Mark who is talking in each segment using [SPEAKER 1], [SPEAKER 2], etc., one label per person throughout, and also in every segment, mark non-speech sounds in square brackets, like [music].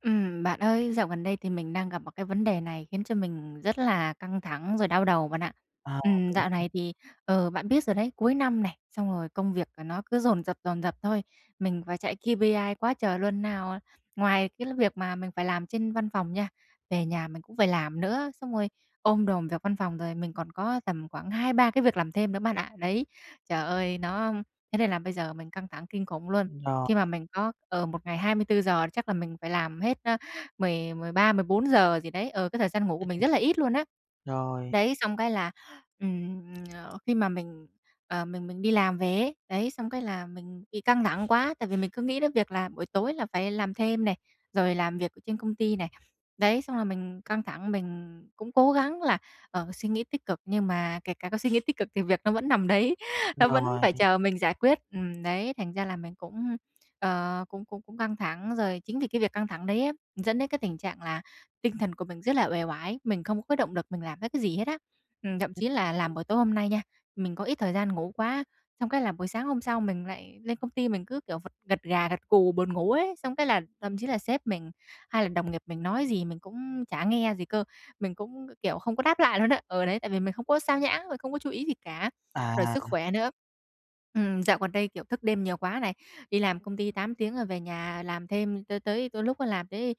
[SPEAKER 1] Ừm, bạn ơi, dạo gần đây thì mình đang gặp một cái vấn đề này khiến cho mình rất là căng thẳng rồi đau đầu bạn ạ.
[SPEAKER 2] À,
[SPEAKER 1] Ừm, dạo
[SPEAKER 2] đúng.
[SPEAKER 1] này thì, ờ, bạn biết rồi đấy, cuối năm này, xong rồi công việc, à, nó cứ dồn dập, dồn dập thôi. Mình phải chạy KPI quá trời luôn, nào, à ngoài cái l việc mà mình phải làm trên văn phòng nha, về nhà mình cũng phải làm nữa. Xong rồi ôm đồm việc văn phòng, rồi mình còn có tầm khoảng 2-3 cái việc làm thêm nữa bạn ạ. Đấy, trời ơi! Nó thế nên là bây giờ mình căng thẳng kinh khủng luôn.
[SPEAKER 2] Rồi.
[SPEAKER 1] Khi mà mình có ờ, một ngày 24 giờ, chắc là mình phải làm hết, ơ, mười mười ba, mười bốn giờ gì đấy, ừ, cái thời gian ngủ của mình rất là ít luôn á.
[SPEAKER 2] Rồi.
[SPEAKER 1] Đấy, xong cái là, ừm, ờ, khi mà mình, ờ, mình mình đi làm về ấy, đấy, xong cái là mình bị căng thẳng quá, tại vì mình cứ nghĩ đến việc là buổi tối là phải làm thêm này, rồi làm việc ở trên công ty này. Đấy, xong là mình căng thẳng, mình cũng cố gắng là, ờ, suy nghĩ tích cực, nhưng mà kể cả có suy nghĩ tích cực thì việc nó vẫn nằm đấy, nó vẫn
[SPEAKER 2] Rồi.
[SPEAKER 1] phải chờ mình giải quyết. Ừm, đấy, thành ra là mình cũng, ờ, cũng cũng cũng căng thẳng, rồi chính vì cái việc căng thẳng đấy á, dẫn đến cái tình trạng là tinh thần của mình rất là uể oải, mình không có cái động lực mình làm hết cái gì hết á. Ừm, thậm chí là làm buổi tối hôm nay nha, mình có ít thời gian ngủ quá, xong cái là buổi sáng hôm sau mình lại lên công ty, mình cứ kiểu vật gật gà gật gù buồn ngủ ấy, xong cái là thậm chí là sếp mình hay là đồng nghiệp mình nói gì mình cũng chả nghe gì cơ, mình cũng, kiểu, không có đáp lại luôn á. Ừ, đấy, tại vì mình không có xao nhãng rồi không có chú ý gì cả, rồi sức
[SPEAKER 2] À.
[SPEAKER 1] khỏe nữa ừm, dạo gần đây, kiểu, thức đêm nhiều quá này, đi làm công ty 8 tiếng, rồi về nhà làm thêm cho tới đôi lúc á làm tới,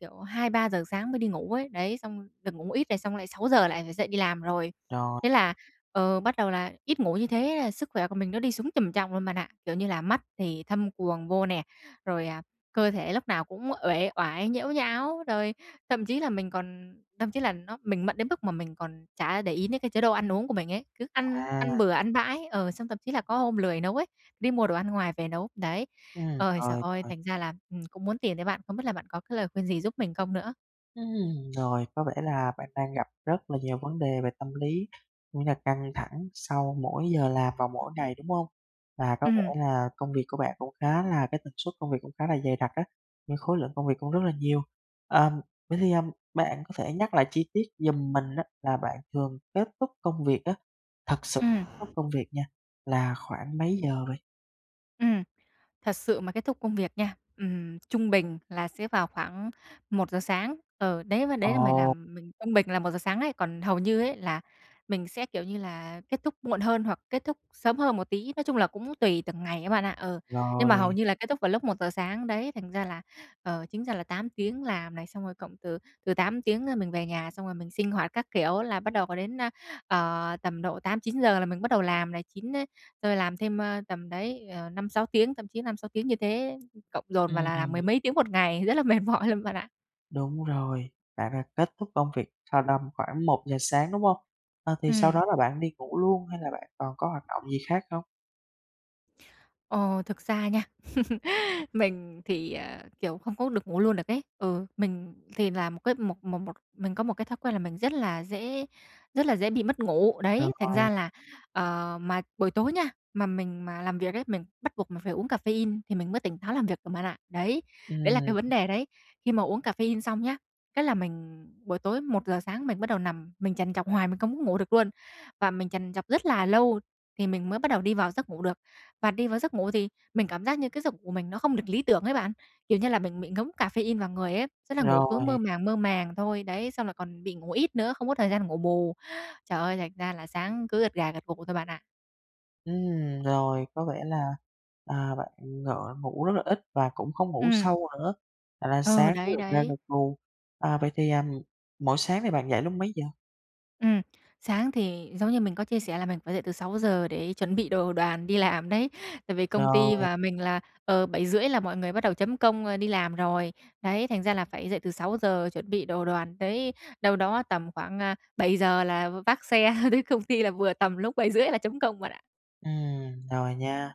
[SPEAKER 1] kiểu, 2:00-3:00 sáng mới đi ngủ ấy. Đấy, xong được ngủ ít này, xong lại 6:00 lại phải dậy đi làm rồi,
[SPEAKER 2] Rồi.
[SPEAKER 1] thế là, ờ, bắt đầu là ít ngủ như thế là sức khỏe của mình nó đi xuống trầm trọng luôn bạn ạ. Kiểu như là mắt thì thâm quầng vô nè, rồi, à, cơ thể lúc nào cũng uể oải, nhễu nhão, rồi thậm chí là mình còn thậm chí là nó mình mận đến mức mà mình còn chả để ý đến cái chế độ ăn uống của mình ấy, cứ ăn
[SPEAKER 2] À.
[SPEAKER 1] ăn bừa ăn bãi, ờ, xong thậm chí là có hôm lười nấu ấy, đi mua đồ ăn ngoài về nấu. Đấy,
[SPEAKER 2] Ừm,
[SPEAKER 1] ơi trời
[SPEAKER 2] rồi,
[SPEAKER 1] ơi!
[SPEAKER 2] rồi.
[SPEAKER 1] Thành ra là, ừm, cũng muốn tìm tới bạn, không biết là bạn có cái lời khuyên gì giúp mình không nữa?
[SPEAKER 2] Ừm, rồi. Có vẻ là bạn đang gặp rất là nhiều vấn đề về tâm lý, cũng như căng thẳng sau mỗi giờ làm và mỗi ngày, đúng hông? Và có
[SPEAKER 1] Ừm.
[SPEAKER 2] vẻ là công việc của bạn cũng khá là cái tần suất công việc cũng khá là dày đặc á, nhưng khối lượng công việc cũng rất là nhiều. Ờm, vậy thì, ờ, bạn có thể nhắc lại chi tiết giùm mình á là bạn thường kết thúc công việc á, thực sự
[SPEAKER 1] Ừm.
[SPEAKER 2] kết thúc công việc nha, là khoảng mấy giờ vậy?
[SPEAKER 1] Ừm. Thật sự mà kết thúc công việc nha, ừm, trung bình là sẽ vào khoảng 1:00 sáng. Ừ, đấy và
[SPEAKER 2] Ờ.
[SPEAKER 1] đấy là mày làm mình trung bình là 1:00 sáng ấy, còn hầu như ấy là mình sẽ, kiểu như là, kết thúc muộn hơn hoặc kết thúc sớm hơn một tí, nói chung là cũng tùy từng ngày á bạn ạ. Ừ, nhưng mà hầu
[SPEAKER 2] Rồi.
[SPEAKER 1] như là kết thúc vào lúc 1:00 sáng, đấy. Thành ra là ờ, chính ra là 8 tiếng làm này, xong rồi cộng từ từ 8 tiếng rồi mình về nhà, xong rồi mình sinh hoạt các kiểu là bắt đầu có đến, a, ờ, tầm độ 8-9 giờ là mình bắt đầu làm này, 9 ấy tôi làm thêm, ơ, tầm đấy, ờ, 5-6 tiếng, thậm chí 5-6 tiếng như thế cộng dồn vào
[SPEAKER 2] Ừm,
[SPEAKER 1] là làm mười
[SPEAKER 2] ừm.
[SPEAKER 1] mấy tiếng một ngày, rất là mệt mỏi luôn bạn ạ!
[SPEAKER 2] Đúng rồi. Bạn đã kết thúc công việc sau năm khoảng 1:00 sáng, đúng hông? À, thì sau
[SPEAKER 1] Ừm.
[SPEAKER 2] đó là bạn đi ngủ luôn hay là bạn còn có hoạt động gì khác không?
[SPEAKER 1] Ờ, thực ra nha, [chuckles] mình thì, ờ, kiểu, không có được ngủ luôn được ấy. Ừ, mình thì là một cái một một một mình có một cái thói quen là mình rất là dễ rất là dễ bị mất ngủ.
[SPEAKER 2] Được
[SPEAKER 1] Đấy, thành ra
[SPEAKER 2] rồi.
[SPEAKER 1] là ờ, mà buổi tối nha, mà mình mà làm việc ấy, mình bắt buộc mình phải uống caffeine thì mình mới tỉnh táo làm việc được bạn ạ. Đấy, đấy là cái
[SPEAKER 2] Ừm.
[SPEAKER 1] vấn đề đấy. Khi mà uống caffeine xong nhá, cái là mình buổi tối 1:00 sáng mình bắt đầu nằm, mình trằn trọc hoài mình không có ngủ được luôn và mình trằn trọc rất là lâu thì mình mới bắt đầu đi vào giấc ngủ được. Và đi vào giấc ngủ thì mình cảm giác như cái giấc ngủ của mình nó không được lý tưởng ấy bạn, kiểu như là, mình bị ngấm caffeine vào người ấy, tức là ngủ cứ
[SPEAKER 2] Rồi.
[SPEAKER 1] mơ màng mơ màng thôi. Đấy, xong là còn bị ngủ ít nữa, không có thời gian để ngủ bù. Trời ơi, thành ra là sáng cứ gật gà gật gù thôi bạn ạ.
[SPEAKER 2] Ừm, rồi có vẻ là, à, bạn ng ngủ rất là ít và cũng không ngủ
[SPEAKER 1] Ừm.
[SPEAKER 2] sâu nữa, thành ra
[SPEAKER 1] Ờ,
[SPEAKER 2] sáng cứ
[SPEAKER 1] đấy,
[SPEAKER 2] gật gà
[SPEAKER 1] đấy.
[SPEAKER 2] gật gù, à, vậy thì, à, mỗi sáng thì bạn dậy lúc mấy giờ?
[SPEAKER 1] Ừm, sáng thì giống như mình có chia sẻ là mình phải dậy từ 6:00 để chuẩn bị đồ đoàn đi làm đấy, tại vì công ty
[SPEAKER 2] Rồi.
[SPEAKER 1] và mình là, ờ, 7:30 là mọi người bắt đầu chấm công, ơ, đi làm rồi. Đấy, thành ra là phải dậy từ 6:00 chuẩn bị đồ đoàn, đấy, đâu đó tầm khoảng, a, 7:00 là v vác xe tới công ty là vừa tầm lúc 7:30 là chấm công bạn ạ.
[SPEAKER 2] Ừm, rồi nha.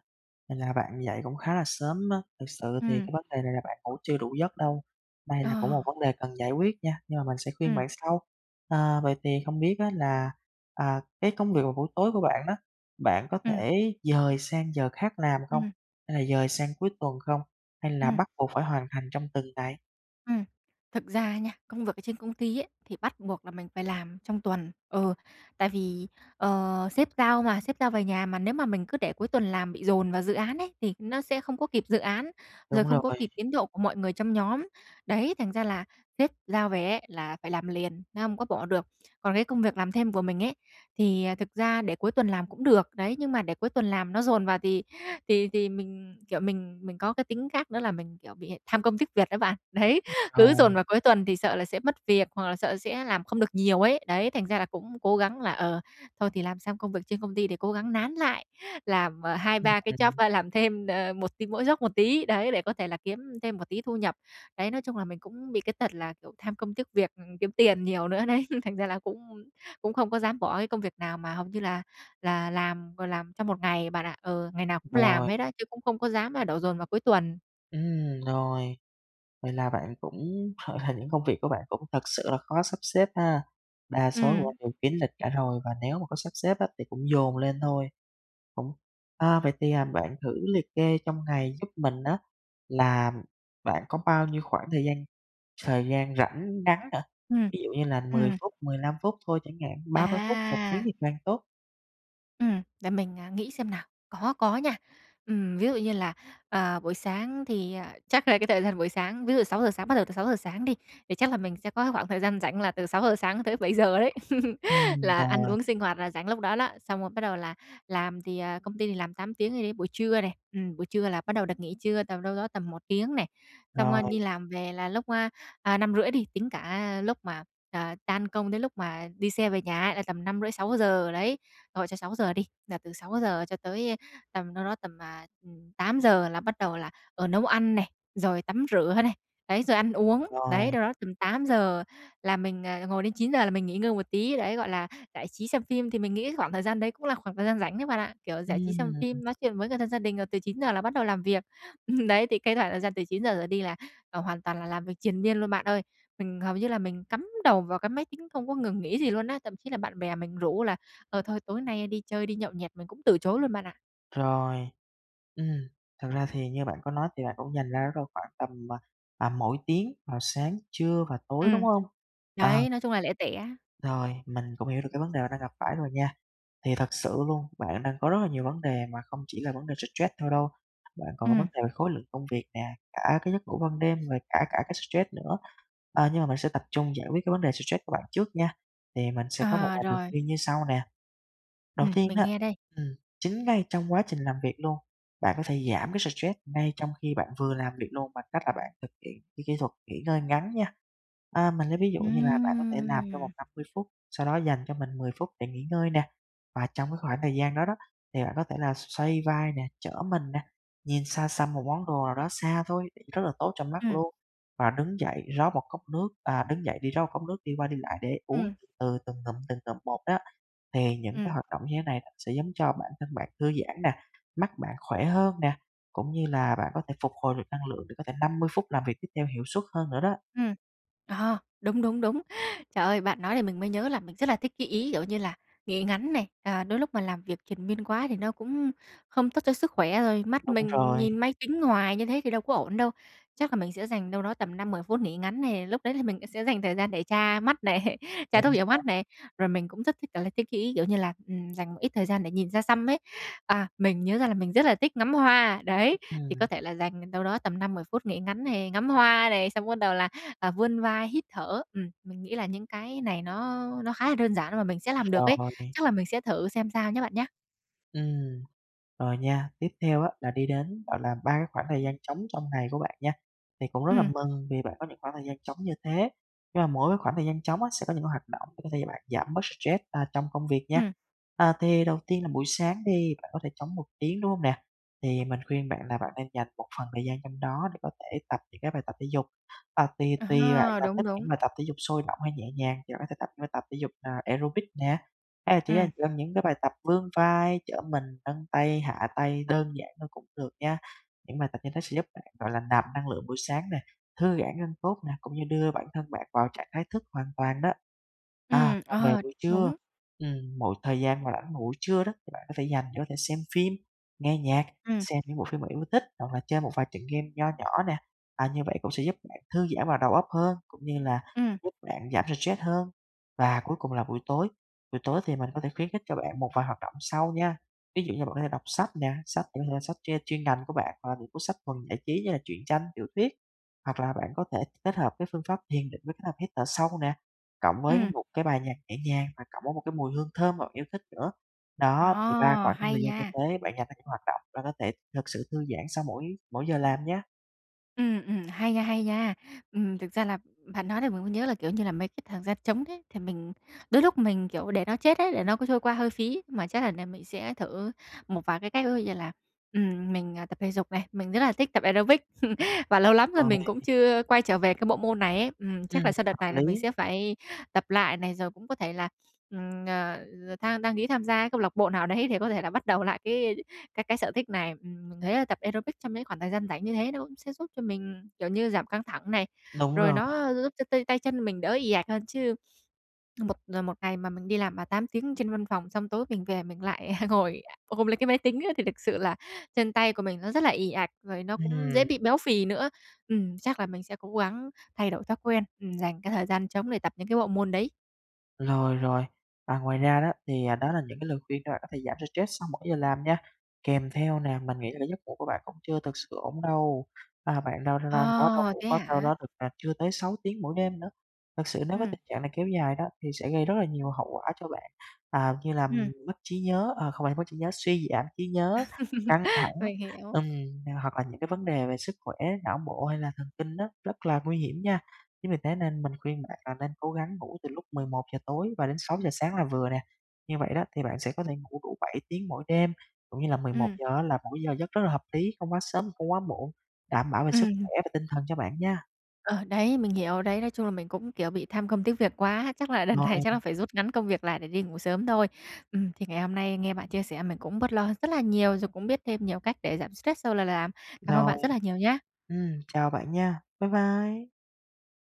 [SPEAKER 2] Vậy là bạn dậy cũng khá là sớm á, thực sự thì
[SPEAKER 1] Ừm.
[SPEAKER 2] cái vấn đề này là bạn ngủ chưa đủ giấc đâu. Đây là cũng một
[SPEAKER 1] Ờ.
[SPEAKER 2] vấn đề cần giải quyết nha, nhưng mà mình sẽ khuyên
[SPEAKER 1] Ừm.
[SPEAKER 2] bạn sau. Ờ, vậy thì không biết á là, à, cái công việc vào buổi tối của bạn á, bạn có
[SPEAKER 1] Ừm.
[SPEAKER 2] thể dời sang giờ khác làm không?
[SPEAKER 1] Ừm.
[SPEAKER 2] Hay là dời sang cuối tuần không? Hay là
[SPEAKER 1] Ừm.
[SPEAKER 2] bắt buộc phải hoàn thành trong từng ngày?
[SPEAKER 1] Ừm. Thực ra nha, công việc ở trên công ty ấy, thì bắt buộc là mình phải làm trong tuần, ừ, tại vì, ờ, sếp giao mà sếp giao về nhà mà nếu mà mình cứ để cuối tuần làm bị dồn vào dự án ấy, thì nó sẽ không có kịp dự án, rồi
[SPEAKER 2] Đúng
[SPEAKER 1] không có kịp
[SPEAKER 2] rồi.
[SPEAKER 1] tiến độ của mọi người trong nhóm. Đấy, thành ra là sếp giao về ấy là phải làm liền, nó hông có bỏ được. Còn cái công việc làm thêm của mình ấy, thì, ờ, thực ra để cuối tuần làm cũng được. Đấy, nhưng mà để cuối tuần làm nó dồn vào thì thì thì mình, kiểu, mình mình có cái tính khác nữa là mình, kiểu, bị tham công tiếc việc đó bạn. Đấy, cứ dồn
[SPEAKER 2] Rồi.
[SPEAKER 1] vào cuối tuần thì sợ là sẽ mất việc, hoặc là sợ sẽ làm không được nhiều ấy. Đấy, thành ra là cũng cố gắng là, ờ, thôi thì làm xong công việc trên công ty để cố gắng nán lại, làm hai ba cái job,
[SPEAKER 2] [unintelligible]
[SPEAKER 1] ơ, làm thêm, ờ, một thì mỗi job một tí, đấy, để có thể là kiếm thêm một tí thu nhập. Đấy, nói chung là mình cũng bị cái tật là, kiểu, tham công tiếc việc, ừm, kiếm tiền nhiều nữa đấy. [chuckles] Thành ra là cũng cũng không có dám bỏ cái công việc nào mà hầu như là là làm rồi làm trong 1 ngày bạn ạ. Ừ, ngày nào cũng làm
[SPEAKER 2] Rồi.
[SPEAKER 1] hết á, chứ cũng không có dám là đổ dồn vào cuối tuần.
[SPEAKER 2] Ừm, rồi. Vậy là bạn cũng [chuckles] những công việc của bạn cũng thật sự là khó sắp xếp ha? Đa số của bạn
[SPEAKER 1] Ừm.
[SPEAKER 2] đều kín lịch cả rồi, và nếu mà có sắp xếp á thì cũng dồn lên thôi, cũng à, vậy thì, à, bạn thử liệt kê trong ngày giúp mình á là bạn có bao nhiêu khoảng thời gian thời gian rảnh ngắn hả?
[SPEAKER 1] Ừm.
[SPEAKER 2] Ví dụ như là 10
[SPEAKER 1] Ừm.
[SPEAKER 2] phút, 15 phút thôi chẳng hạn, 30 phút, 1 tiếng
[SPEAKER 1] À!
[SPEAKER 2] thì càng tốt.
[SPEAKER 1] Ừm, để mình, à, nghĩ xem nào có, có nha. Ừm, ví dụ như là, à, buổi sáng thì, à, chắc là cái thời gian buổi sáng, ví dụ 6:00 sáng bắt đầu từ 6:00 sáng đi, thì chắc là mình sẽ có cái khoảng thời gian rảnh là từ 6:00 sáng tới 7:00 đấy [chuckles]
[SPEAKER 2] Ừm,
[SPEAKER 1] là ăn
[SPEAKER 2] rồi.
[SPEAKER 1] uống sinh hoạt là rảnh lúc đó đó, xong rồi bắt đầu là làm thì, à, công ty thì làm 8 tiếng thì đấy, buổi trưa này, ừm, buổi trưa là bắt đầu được nghỉ trưa tầm đâu đó tầm 1 tiếng này, xong, ơ,
[SPEAKER 2] Rồi.
[SPEAKER 1] đi làm về là lúc, a, à, 5:30 đi, tính cả, ơ, lúc mà, à, tan công đến lúc mà đi xe về nhà ấy là tầm 5:30-6:00 đấy, thôi cho 6:00 đi, là từ 6:00 cho tới, ơ, tầm đâu đó tầm, à, ừm, 8:00 là bắt đầu là, ờ, nấu ăn này, rồi tắm rửa này, đấy, rồi ăn uống. Đấy,
[SPEAKER 2] Rồi.
[SPEAKER 1] đâu đó tầm 8:00 là mình, à, ngồi đến 9:00 là mình nghỉ ngơi một tí, đấy, gọi là, giải trí xem phim thì mình nghĩ khoảng thời gian đấy cũng là khoảng thời gian rảnh đấy bạn ạ, kiểu, giải trí xem
[SPEAKER 2] Ừm.
[SPEAKER 1] phim, nói chuyện với người thân, gia đình, rồi từ 9:00 là bắt đầu làm việc. Ừm, đấy thì cái khoảng thời gian từ 9:00 trở đi là, à, hoàn toàn là làm việc triền miên luôn bạn ơi. Mình hầu như là mình cắm đầu vào cái máy tính không có ngừng nghỉ gì luôn á, thậm chí là bạn bè mình rủ là, ờ, thôi tối nay đi chơi, đi nhậu nhẹt, mình cũng từ chối luôn bạn ạ.
[SPEAKER 2] Rồi, ừm, thực ra thì như bạn có nói thì bạn cũng dành ra đó đâu khoảng tầm, à, tầm mỗi tiếng vào sáng, trưa và tối, đúng
[SPEAKER 1] Ừm,
[SPEAKER 2] hông? À.
[SPEAKER 1] đấy, nói chung là lẻ tẻ.
[SPEAKER 2] Rồi, mình cũng hiểu được cái vấn đề bạn đang gặp phải rồi nha. Thì thật sự luôn, bạn đang có rất là nhiều vấn đề mà không chỉ là vấn đề stress thôi đâu, bạn còn có vấn
[SPEAKER 1] Ừm.
[SPEAKER 2] đề khối lượng công việc nè, cả cái giấc ngủ ban đêm rồi cả cả cái stress nữa, à, nhưng mà mình sẽ tập trung giải quyết cái vấn đề stress của bạn trước nha. Thì mình sẽ có một
[SPEAKER 1] À,
[SPEAKER 2] vài lời
[SPEAKER 1] rồi.
[SPEAKER 2] khuyên như sau nè. Đầu
[SPEAKER 1] Ừm,
[SPEAKER 2] tiên
[SPEAKER 1] mình
[SPEAKER 2] á,
[SPEAKER 1] nghe đây.
[SPEAKER 2] ừm, chính ngay trong quá trình làm việc luôn, bạn có thể giảm cái stress ngay trong khi bạn vừa làm việc luôn bằng cách là bạn thực hiện cái kỹ thuật nghỉ ngơi ngắn nha. À, mình lấy ví dụ như là bạn có thể làm trong
[SPEAKER 1] Ừm.
[SPEAKER 2] vòng 50 phút, sau đó dành cho mình 10 phút để nghỉ ngơi nè, và trong cái khoảng thời gian đó đó, thì bạn có thể là xoay vai nè, trở mình nè, nhìn xa xăm một món đồ nào đó xa thôi, rất là tốt cho mắt
[SPEAKER 1] Ừm.
[SPEAKER 2] luôn, và đứng dậy, rót một cốc nước, à, đứng dậy đi rót cốc nước, đi qua đi lại để uống
[SPEAKER 1] Ừm.
[SPEAKER 2] từ từng ngụm, từng ngụm một đó. Thì những cái
[SPEAKER 1] Ừm.
[SPEAKER 2] hoạt động như thế này nó sẽ giống cho bản thân bạn thư giãn nè, mắt bạn khỏe hơn nè, cũng như là bạn có thể phục hồi được năng lượng để có thể 50 phút làm việc tiếp theo hiệu suất hơn nữa đó.
[SPEAKER 1] Ừm, ờ, đúng, đúng, đúng. Trời ơi, bạn nói thì mình mới nhớ là mình rất là thích cái ý, kiểu như là, nghỉ ngắn này, ờ, đôi lúc mà làm việc triền miên quá thì nó cũng không tốt cho sức khỏe, rồi mắt
[SPEAKER 2] Đúng
[SPEAKER 1] mình
[SPEAKER 2] rồi.
[SPEAKER 1] nhìn máy tính hoài như thế thì đâu có ổn đâu. Chắc là mình sẽ dành đâu đó tầm 5-10 phút nghỉ ngắn này, lúc đấy thì mình, a, sẽ dành thời gian để tra mắt này, tra
[SPEAKER 2] Chính
[SPEAKER 1] thuốc nhỏ mắt
[SPEAKER 2] xác.
[SPEAKER 1] này, rồi mình cũng rất thích kiểu là cái ý, kiểu như là, ừm, dành một ít thời gian để nhìn xa xăm ấy. À, mình nhớ ra là mình rất là thích ngắm hoa, đấy, thì có
[SPEAKER 2] Ừm.
[SPEAKER 1] thể là dành đâu đó tầm 5-10 phút nghỉ ngắn này, ngắm hoa này, xong bắt đầu là, à, vươn vai, hít thở. Ừm, mình nghĩ là những cái này nó nó khá là đơn giản và mà mình sẽ làm được ấy,
[SPEAKER 2] Rồi.
[SPEAKER 1] chắc là mình sẽ thử xem sao nhá bạn nhá.
[SPEAKER 2] Ừm. Rồi nha, tiếp theo á là đi đến, gọi là, ba cái khoảng thời gian trống trong ngày của bạn nha. Thì cũng rất là
[SPEAKER 1] Ừm.
[SPEAKER 2] mừng vì bạn có những khoảng thời gian trống như thế, nhưng mà mỗi cái khoảng thời gian trống á, sẽ có những cái hoạt động để có thể cho bạn giảm bớt stress, a, trong công việc nha.
[SPEAKER 1] Ừm.
[SPEAKER 2] À, thì đầu tiên là buổi sáng đi, bạn có thể trống 1 tiếng, đúng hông nè? Thì mình khuyên bạn là bạn nên dành một phần thời gian trong đó để có thể tập những cái bài tập thể dục. À, tùy tùy bạn
[SPEAKER 1] À,
[SPEAKER 2] là
[SPEAKER 1] đúng,
[SPEAKER 2] thích
[SPEAKER 1] đúng!
[SPEAKER 2] những bài tập thể dục sôi động hay nhẹ nhàng thì bạn có thể tập những bài tập thể dục, à, aerobic nè, hay là chỉ là
[SPEAKER 1] Ừm.
[SPEAKER 2] gồm những cái bài tập vươn vai, trở mình, nâng tay, hạ tay đơn giản thôi cũng được nha. Những bài tập như thế sẽ giúp bạn, gọi là, nạp năng lượng buổi sáng nè, thư giãn gân cốt nè, cũng như đưa bản thân bạn vào trạng thái thức hoàn toàn đó. À,
[SPEAKER 1] Ừm,
[SPEAKER 2] còn về
[SPEAKER 1] ờ,
[SPEAKER 2] buổi trưa,
[SPEAKER 1] đúng.
[SPEAKER 2] ừm, mỗi thời gian mà rảnh vào buổi trưa đó, thì bạn có thể dành để có thể xem phim, nghe nhạc,
[SPEAKER 1] Ừm.
[SPEAKER 2] xem những bộ phim bạn yêu thích, hoặc là chơi một vài trận game nho nhỏ nè. À, như vậy cũng sẽ giúp bạn thư giãn và đầu óc hơn, cũng như là
[SPEAKER 1] Ừm.
[SPEAKER 2] giúp bạn giảm stress hơn. Và cuối cùng là buổi tối, buổi tối thì mình có thể khuyến khích cho bạn một vài hoạt động sau nha. Ví dụ như bạn có thể đọc sách nè, sách, a, có thể sách ch chuyên ngành của bạn, hoặc là những cuốn sách thuần giải trí như là truyện tranh, tiểu thuyết, hoặc là bạn có thể kết hợp với phương pháp thiền định với kết hợp hít thở sâu nè, cộng với
[SPEAKER 1] Ừm.
[SPEAKER 2] một cái bài nhạc nhẹ nhàng và cộng với một cái mùi hương thơm mà bạn yêu thích nữa. Đó, thì ba
[SPEAKER 1] Ờ,
[SPEAKER 2] khoảng khung
[SPEAKER 1] hay
[SPEAKER 2] thời gian như
[SPEAKER 1] nha!
[SPEAKER 2] thế bạn dành cho những hoạt động và có thể thực sự thư giãn sau mỗi mỗi giờ làm nha!
[SPEAKER 1] Ừm, ừm, hay nha, hay nha! Ừm, thực ra là, bạn nói làm mình mới nhớ là, kiểu như là, mấy cái thời gian trống đấy, thì mình đôi lúc mình, kiểu, để nó chết ấy, để nó cứ trôi qua hơi phí mà chắc đợt này mình sẽ thử một vài cái cách. Ví dụ như là, ừm, mình, ờ, tập thể dục này, mình rất là thích tập aerobic [laughs] và lâu lắm rồi
[SPEAKER 2] Rồi.
[SPEAKER 1] mình cũng chưa quay trở về cái bộ môn này ấy, ừm, chắc
[SPEAKER 2] Ừm,
[SPEAKER 1] là sau đợt
[SPEAKER 2] hợp
[SPEAKER 1] này là mình
[SPEAKER 2] lý.
[SPEAKER 1] sẽ phải tập lại này rồi cũng có thể là, ừm, ờ, than đăng ký tham gia cái câu lạc bộ nào đấy để có thể là bắt đầu lại cái cái cái sở thích này. Ừm, mình thấy là tập aerobic trong những khoảng thời gian rảnh như thế nó cũng sẽ giúp cho mình, kiểu như, giảm căng thẳng này,
[SPEAKER 2] Đúng
[SPEAKER 1] rồi
[SPEAKER 2] rồi.
[SPEAKER 1] nó giúp cho t tay chân của mình đỡ ì ạch hơn. Chứ một một ngày mà mình đi làm mà 8 tiếng trên văn phòng, xong tối mình về mình lại [laughs] ngồi ôm lấy cái máy tính á, thì thực sự là chân tay của mình nó rất là ì ạch rồi nó cũng dễ
[SPEAKER 2] Ừm.
[SPEAKER 1] bị béo phì nữa. Ừm, chắc là mình sẽ cố gắng thay đổi thói quen, ừm, dành cái thời gian trống để tập những cái bộ môn đấy.
[SPEAKER 2] Rồi, rồi, à, ngoài ra đó thì, à, đó là những cái lời khuyên để bạn có thể giảm được stress sau mỗi giờ làm nha, kèm theo nè, mình nghĩ là cái giấc ngủ của bạn cũng chưa thực sự ổn đâu, à, bạn đâu đâu đó đâu
[SPEAKER 1] À,
[SPEAKER 2] ngủ
[SPEAKER 1] thế
[SPEAKER 2] có đâu
[SPEAKER 1] hả?
[SPEAKER 2] đó được, à, chưa tới 6 tiếng mỗi đêm nữa. Thực sự nếu với
[SPEAKER 1] Ừm.
[SPEAKER 2] tình trạng này kéo dài đó thì sẽ gây rất là nhiều hậu quả cho bạn, à, như là
[SPEAKER 1] Ừm.
[SPEAKER 2] mất trí nhớ, ờ, không phải mất trí nhớ, suy giảm trí nhớ, căng thẳng
[SPEAKER 1] [laughs] Mình hiểu.
[SPEAKER 2] ừm, thì hoặc là những cái vấn đề về sức khỏe, não bộ hay là thần kinh á, rất là nguy hiểm nha. Chính vì thế nên mình khuyên bạn là nên cố gắng ngủ từ lúc 11:00 tối và đến 6:00 sáng là vừa nè, như vậy đó thì bạn sẽ có thể ngủ đủ 7 tiếng mỗi đêm, cũng như là mười một
[SPEAKER 1] Ừm.
[SPEAKER 2] giờ á là một cái giờ giấc rất là hợp lý, không quá sớm, không quá muộn, đảm bảo về sức
[SPEAKER 1] Ừm.
[SPEAKER 2] khỏe và tinh thần cho bạn nha.
[SPEAKER 1] Ờ đấy, mình hiểu, đấy, nói chung là mình cũng, kiểu, bị tham công tiếc việc quá, chắc là lần
[SPEAKER 2] Rồi.
[SPEAKER 1] này chắc là phải rút ngắn công việc lại để đi ngủ sớm thôi. Ừm, thì ngày hôm nay nghe bạn chia sẻ mình cũng bớt lo hơn rất là nhiều rồi cũng biết thêm nhiều cách để giảm stress sau là làm. Cảm ơn bạn
[SPEAKER 2] Rồi,
[SPEAKER 1] rất là nhiều nhá!
[SPEAKER 2] ừm, chào bạn nha, bái bai.